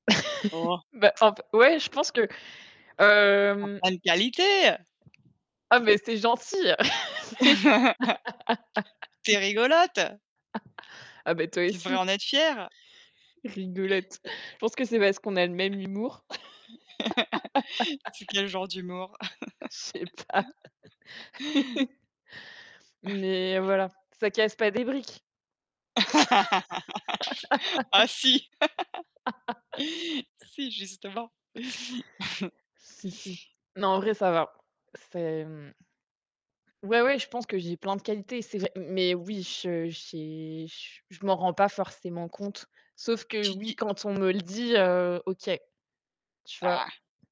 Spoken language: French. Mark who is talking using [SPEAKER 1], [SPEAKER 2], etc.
[SPEAKER 1] Oh.
[SPEAKER 2] Bah, en f ouais, je pense que,
[SPEAKER 1] Tu as
[SPEAKER 2] hem
[SPEAKER 1] plein de qualités!
[SPEAKER 2] Ah, mais c'est gentil, mais
[SPEAKER 1] Tu es rigolote.
[SPEAKER 2] Ah, bah, toi
[SPEAKER 1] Tu devrais
[SPEAKER 2] aussi.
[SPEAKER 1] en être fière.
[SPEAKER 2] Rigolote. Je pense que c'est parce qu'on a le même humour.
[SPEAKER 1] C'est quel genre d'humour?
[SPEAKER 2] Je sais pas. Mais voilà, ça casse pas des briques.
[SPEAKER 1] Oh si si justement.
[SPEAKER 2] Si si, non, en vrai, ça va. C'est, mmh Ouais, ouais, je pense que j'ai plein de qualités, c'est vrai. Mais oui, je j'ai j je m'en rends pas forcément compte. Sauf que
[SPEAKER 1] Tu
[SPEAKER 2] oui,
[SPEAKER 1] dis
[SPEAKER 2] quand on me le dit, heu, OK, tu vois?
[SPEAKER 1] Ah.